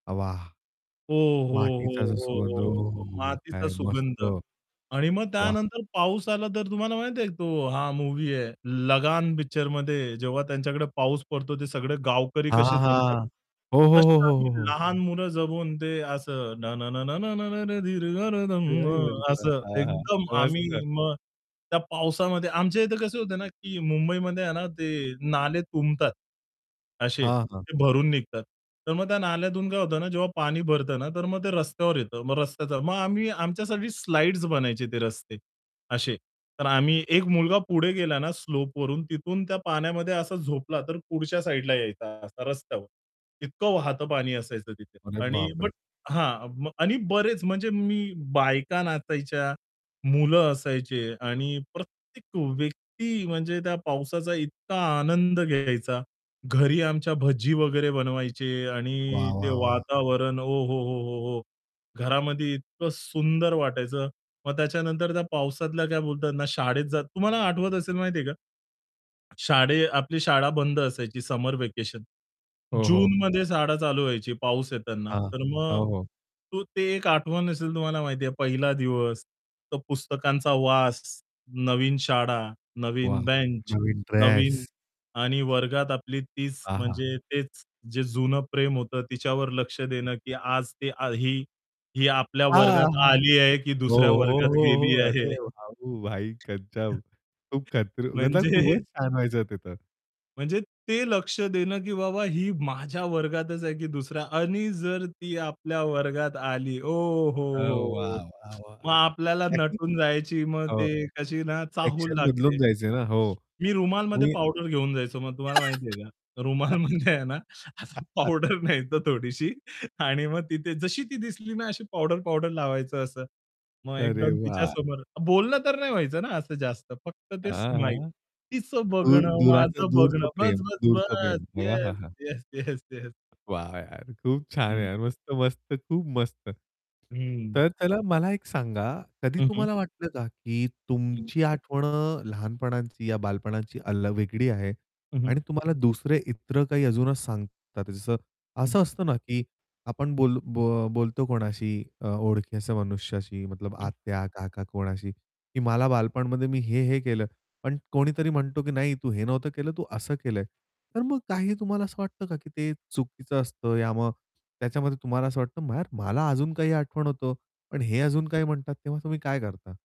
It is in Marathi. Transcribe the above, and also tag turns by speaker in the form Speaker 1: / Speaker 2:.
Speaker 1: वाह!
Speaker 2: हो, हो,
Speaker 1: मातीचा
Speaker 2: हो,
Speaker 1: सुगंध
Speaker 2: हो,
Speaker 1: ओ,
Speaker 2: हो.
Speaker 1: हो हो,
Speaker 2: तो
Speaker 1: हो, हो.
Speaker 2: मातीचा
Speaker 1: काय मस्त.
Speaker 2: सुगंध आणि मग
Speaker 1: वाह!
Speaker 2: त्यानंतर पाऊस आला तर तुम्हाला माहिती आहे, तो हा मूव्ही आहे लगान पिक्चरमध्ये जेव्हा त्यांच्याकडे पाऊस पडतो ते सगळे गावकरी कसे
Speaker 1: वाहां,
Speaker 2: जमतात.
Speaker 1: हां. हो, हो, हो,
Speaker 2: तश्या आम्ही
Speaker 1: हो, हो.
Speaker 2: लहान मुलं जमून ते असं न न न न न न न अरे धीर आ धम्मा
Speaker 1: [unintelligible]
Speaker 2: असं
Speaker 1: हां, हां.
Speaker 2: एकदम आम्ही
Speaker 1: मस्त.
Speaker 2: मग त्या पावसामध्ये आमच्या इथे कसं होत ना, की मुंबईमध्ये आहे ना ते नाले तुंबतात. असे
Speaker 1: हां, हां.
Speaker 2: ते भरून निघतात. तर मग त्या नाल्यातून काय होतं ना, जेव्हा पाणी भरत ना, तर मग ते रस्त्यावर येतं. मग रस्त्याचा मग आम्ही आमच्यासाठी स्लाइड्स बनायचे ते रस्ते अशे तर आम्ही एक मुलगा पुढे गेला ना, स्लोप वरून तिथून त्या पाण्यामध्ये असा झोपला तर पुढच्या साइडला यायचा असा रस्त्यावर. इतकं वाहतं पाणी असायचं तिथे
Speaker 1: अरे
Speaker 2: आणि
Speaker 1: बाप
Speaker 2: बट
Speaker 1: रे!
Speaker 2: हां. आणि बरेच म्हणजे मी, बायका नाचायच्या, मुलं असायचे आणि प्रत्येक व्यक्ती म्हणजे त्या पावसाचा इतका आनंद घ्यायचा. घरी आमच्या भज्जी वगैरे बनवायचे आणि
Speaker 1: वाह,
Speaker 2: ते
Speaker 1: वाह, वाह!
Speaker 2: वातावरण ओहोहोहोहो! घरामध्ये इतकं सुंदर वाटायचं. मग त्याच्यानंतर त्या पावसातल्या काय बोलतात ना शाळेत जात तुम्हाला आठवत असेल माहितीये का? शाळे आपली शाळा बंद असायची समर व्हॅकेशन
Speaker 1: हो, हो.
Speaker 2: जूनमध्ये शाळा चालू व्हायची पाऊस येताना,
Speaker 1: हां,
Speaker 2: तर मग
Speaker 1: हो, हो.
Speaker 2: तो ते एक आठवण असेल तुम्हाला माहिती आहे पहिला दिवस तर पुस्तकांचा वास, नवीन शाळा, नवीन
Speaker 1: वाह!
Speaker 2: बेंच
Speaker 1: नवीन
Speaker 2: नवीन
Speaker 1: ड्रेस.
Speaker 2: आणि वर्गात आपली तीच
Speaker 1: हां, हां.
Speaker 2: म्हणजे तेच जे जुनं प्रेम होतं तिच्यावर लक्ष देणं, की आज ते ही ही आपल्या
Speaker 1: हां,
Speaker 2: वर्गात
Speaker 1: हां.
Speaker 2: आली आहे की
Speaker 1: हो,
Speaker 2: दुसऱ्या
Speaker 1: हो,
Speaker 2: वर्गात
Speaker 1: हो.
Speaker 2: गेली आहे.
Speaker 1: अरे [unintelligible] भाई गजब, खूप खात्र मतलब खूपच
Speaker 2: म्हणजे
Speaker 1: छान व्हायचं ते तर.
Speaker 2: म्हणजे ते लक्ष देणं, की बाबा ही माझ्या वर्गातच आहे, की दुसरया आणि जर ती आपल्या वर्गात आली
Speaker 1: अ,
Speaker 2: ओहोहोहो!
Speaker 1: वाह, वाह, वाह!
Speaker 2: मग आपल्याला
Speaker 1: [unintelligible]
Speaker 2: नटून जायची मग ते
Speaker 1: हो.
Speaker 2: कशी ना चाहूल
Speaker 1: ॲक्शन
Speaker 2: लागते.
Speaker 1: बदलून जायच ना, हो.
Speaker 2: मी रुमालमध्ये
Speaker 1: मी
Speaker 2: पावडर घेऊन जायचो मग तुम्हाला माहिती आहे का. रुमालमध्ये आहे ना, असं पावडर न्यायचा थोडीशी आणि मग तिथे जशी ती दिसली ना अशी पावडर-पावडर लावायचं असं मग
Speaker 1: अरे
Speaker 2: एकदम
Speaker 1: वाह!
Speaker 2: तिच्यासमोर बोलणं तर नाही व्हायचं ना असं जास्त फक्त ते
Speaker 1: हां
Speaker 2: स्माईल.
Speaker 1: हां.
Speaker 2: तिचं
Speaker 1: दूर
Speaker 2: बघणं,
Speaker 1: दुराच
Speaker 2: माझं बघणं
Speaker 1: दूरचं
Speaker 2: बस,
Speaker 1: प्रेम
Speaker 2: बस,
Speaker 1: दूरचं
Speaker 2: बस.
Speaker 1: प्रेम
Speaker 2: येस,
Speaker 1: अहाहा!
Speaker 2: Yes, yes, yes.
Speaker 1: वाह, यार! खूप छान आहे
Speaker 2: हं.
Speaker 1: यार मस्त-मस्त, खूप मस्त.
Speaker 2: हं.
Speaker 1: तर त्याला मला एक सांगा कधी
Speaker 2: हं, हं.
Speaker 1: तुम्हाला वाटलं का, की
Speaker 2: हं.
Speaker 1: तुमची आठवण अ, लहानपणाची या बालपणाची अल्ल वेगळी आहे.
Speaker 2: हं, हं.
Speaker 1: आणि तुम्हाला दुसरे इतर काही अजूनच सांगतात जसं,
Speaker 2: हं.
Speaker 1: असं असतं ना, की आपण बोल्लो बो बोलतो कोणाशी अ, ओळखी असं मनुष्याशी मतलब
Speaker 2: हं.
Speaker 1: आत्या, काका कोणाशी, की मला बालपणमध्ये मी हे, हे केलं. पण कोणीतरी म्हणतो, की "नाही, तू हे नव्हतं केलं, तू असं केलंय." तर मग काही तुम्हाला असं वाटतं का, की ते चुकीचं असतं या मग त्याच्यामध्ये तुम्हाला असं वाटतं मार मला अजून काही आठवण होतं पण हे अजून काही म्हणतात तेव्हा तुम्ही काय करता?